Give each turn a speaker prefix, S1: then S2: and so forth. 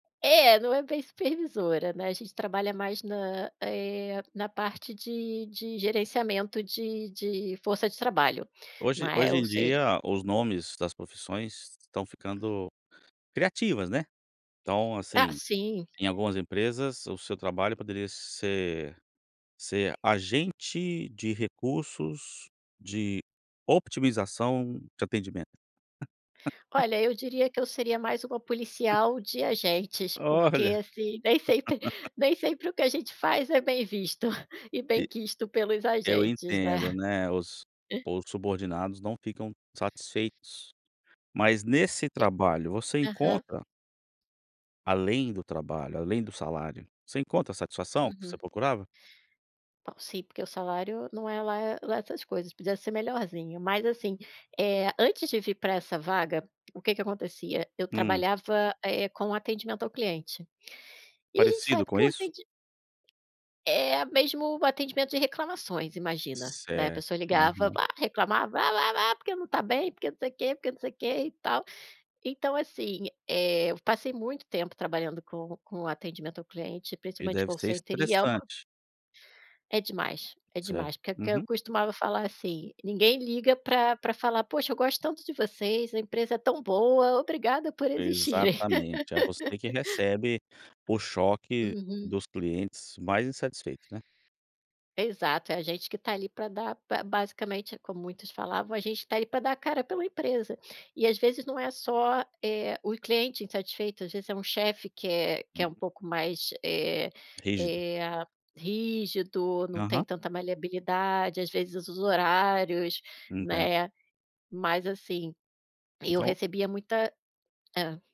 S1: É, não é bem supervisora, né. A gente trabalha mais na eh, na parte de de gerenciamento de de força de trabalho, não
S2: Hoje
S1: é?
S2: hoje
S1: Ou
S2: em
S1: seja
S2: dia, os nomes das profissões estão ficando criativas, né? Então,
S1: Ah,
S2: assim,
S1: sim.
S2: em algumas empresas o seu trabalho poderia ser ser agente de recursos de otimização de atendimento.
S1: Olha, eu diria que eu seria mais uma policial de agentes, porque,
S2: Olha.
S1: assim, nem sempre nem sempre o que a gente faz é bem visto e
S2: E
S1: benquisto pelos
S2: eu
S1: agentes, né?
S2: entendo, né, os os subordinados não ficam satisfeitos, mas nesse
S1: E
S2: trabalho você
S1: aham.
S2: encontra além do trabalho, além do salário, você encontra a satisfação que você
S1: Uhum.
S2: procurava?
S1: Bom, sim, porque o salário não é lá eh, lá essas coisas, podia ser melhorzinho. Mas, assim, eh, antes de vir pra essa vaga, o que que acontecia? Eu
S2: Hum.
S1: trabalhava, eh, com atendimento ao cliente. E a gente
S2: Parecido
S1: sabe
S2: com
S1: que o
S2: isso?
S1: atendi é, mesmo atendimento de reclamações. Imagina, né? A
S2: Certo,
S1: pessoa ligava
S2: aham.
S1: "ah", reclamava: "Ah, ah, ah, porque não tá bem, porque não sei que, porque não sei que e tal". Então, assim, eh, eu passei muito tempo trabalhando com com atendimento ao cliente,
S2: E
S1: principalmente
S2: deve
S1: call
S2: ser
S1: center e é uma
S2: estressante.
S1: É demais, é
S2: Certo,
S1: demais, porque o que eu
S2: uhum.
S1: costumava falar assim: "Ninguém liga pra pra falar: 'Poxa, eu gosto tanto de vocês, a empresa é tão boa, obrigada por existirem".
S2: Exatamente. É você que recebe o choque
S1: Uhum.
S2: dos clientes mais insatisfeitos, né?
S1: Exato, é a gente que tá ali pra dar ba basicamente, é como muitos falavam, "a gente tá ali pra dar a cara pela empresa". E, às vezes, não é só, eh, o cliente insatisfeito, às vezes, é um chefe, que é que é um
S2: Uhum.
S1: pouco mais, eh
S2: Rígido.
S1: eh, rígido, não tem
S2: Aham.
S1: tanta maleabilidade. Às vezes, os horários,
S2: Entendo.
S1: né, mas, assim, eu
S2: Então
S1: recebia muita hã?